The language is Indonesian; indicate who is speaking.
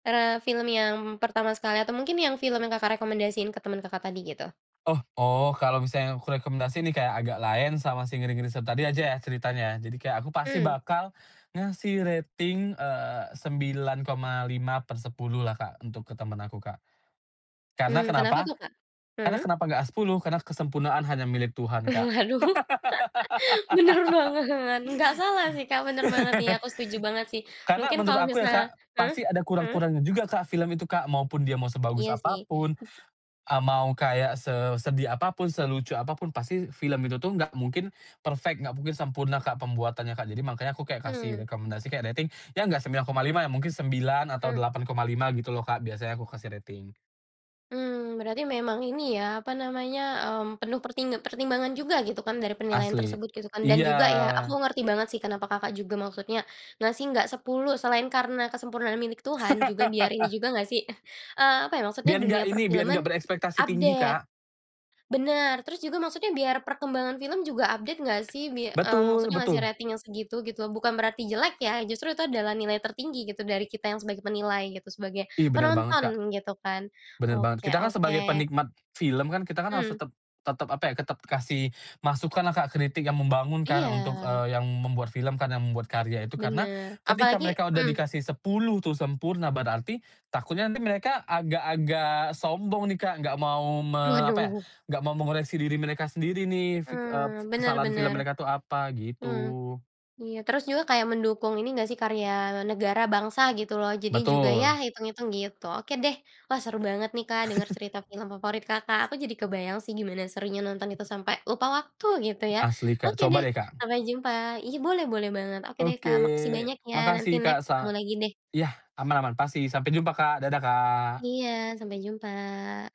Speaker 1: Eee, film yang pertama sekali atau mungkin yang film yang Kakak, rekomendasiin ke temen Kakak, tadi gitu?
Speaker 2: Oh oh, kalau misalnya aku rekomendasi nih Kak, Agak Laen sama si Ngeri-Ngeri Sedap tadi aja ya ceritanya ya. Jadi, kayak aku pasti
Speaker 1: Mmm.
Speaker 2: bakal ngasih rating eee, 9,5/10 lah Kak, untuk ke temen aku Kak. Karena
Speaker 1: Mmm, kenapa
Speaker 2: kenapa.
Speaker 1: tuh Kak?
Speaker 2: Karena
Speaker 1: Hmm.
Speaker 2: kenapa enggak 10, karena kesempurnaan hanya milik Tuhan, Kak.
Speaker 1: Aduh. Bener banget. Enggak salah sih Kak, bener banget nih, aku setuju banget sih.
Speaker 2: Karena
Speaker 1: Mungkin
Speaker 2: menurut
Speaker 1: kalau
Speaker 2: aku ya Kak,
Speaker 1: misal hmm,
Speaker 2: pasti ada
Speaker 1: hmm.
Speaker 2: kurang-kurangnya juga Kak, film itu Kak. Maupun dia mau sebagus
Speaker 1: Iya sih.
Speaker 2: apapun, eee, mau kayak sesedih apapun, selucu apapun, pasti film itu tuh enggak mungkin perfect, enggak mungkin sempurna Kak, pembuatannya Kak. Jadi, makanya aku kayak kasih
Speaker 1: Mhm.
Speaker 2: rekomendasi, kayak rating ya enggak 9,5 ya mungkin 9 atau
Speaker 1: Mmm.
Speaker 2: 8,5 gitu loh Kak, biasanya aku kasih rating.
Speaker 1: Mmm. Berarti memang ini ya, apa namanya, mmm, penuh perting pertimbangan juga gitu kan, dari penilaian
Speaker 2: Asli.
Speaker 1: tersebut gitu kan.
Speaker 2: Iya.
Speaker 1: Dan juga ya, aku ngerti banget sih kenapa Kakak, juga maksudnya ngasih enggak 10, selain karena kesempurnaan milik Tuhan, juga biar ini juga enggak sih eh, eee, apa ya maksudnya
Speaker 2: Biar enggak
Speaker 1: dunia
Speaker 2: ini, biar enggak
Speaker 1: per-film-an,
Speaker 2: berekspektasi tinggi,
Speaker 1: update,
Speaker 2: Kak.
Speaker 1: Bener. Terus, juga maksudnya biar perkembangan film juga update enggak sih, bi mmm,
Speaker 2: Betul,
Speaker 1: maksudnya ngasih
Speaker 2: betul.
Speaker 1: rating yang segitu, gitu. Bukan berarti jelek ya, justru itu adalah nilai tertinggi, gitu dari kita yang sebagai penilai gitu, sebagai
Speaker 2: Ih, bener banget Kak.
Speaker 1: penonton, gitu kan.
Speaker 2: Bener banget.
Speaker 1: Oke
Speaker 2: Kita kan sebagai
Speaker 1: oke.
Speaker 2: penikmat film kan, kita kan harus
Speaker 1: Mhm.
Speaker 2: tetep tetep apa ya, tetep kasih masukan lah Kak, kritik yang membangun kan untuk
Speaker 1: Iya.
Speaker 2: eee, yang membuat film kan, yang membuat karya itu. Karena
Speaker 1: Bener.
Speaker 2: ketika
Speaker 1: Apalagi
Speaker 2: mereka udah
Speaker 1: mhm.
Speaker 2: dikasih 10 tuh, sempurna berarti takutnya nanti mereka agak-agak sombong nih Kak, enggak mau me apa ya,
Speaker 1: Waduh.
Speaker 2: enggak mau mengoreksi diri mereka sendiri nih, fik eee,
Speaker 1: Mmm, bener
Speaker 2: kesalahan film
Speaker 1: bener.
Speaker 2: mereka tuh apa,
Speaker 1: Mmm,
Speaker 2: gitu.
Speaker 1: iya. Terus juga kayak mendukung ini enggak sih karya negara, bangsa gitu loh, jadi juga ya
Speaker 2: Betul.
Speaker 1: itung-itung gitu. Oke deh. Wah, seru banget nih Kak, denger cerita film favorit Kakak. Aku jadi kebayang sih gimana serunya nonton itu, sampai lupa waktu gitu ya.
Speaker 2: Asli Kak,
Speaker 1: Oke
Speaker 2: coba
Speaker 1: deh,
Speaker 2: deh Kak.
Speaker 1: sampai jumpa iya, boleh boleh banget. Oke deh
Speaker 2: Oke.
Speaker 1: Kak, makasih banyak ya. Nanti
Speaker 2: Makasih Kak.
Speaker 1: next ketemu
Speaker 2: Sa
Speaker 1: lagi deh.
Speaker 2: ya, aman-aman, pasti. Sampai jumpa Kak. Dadah Kak!
Speaker 1: Iya, sampai jumpa.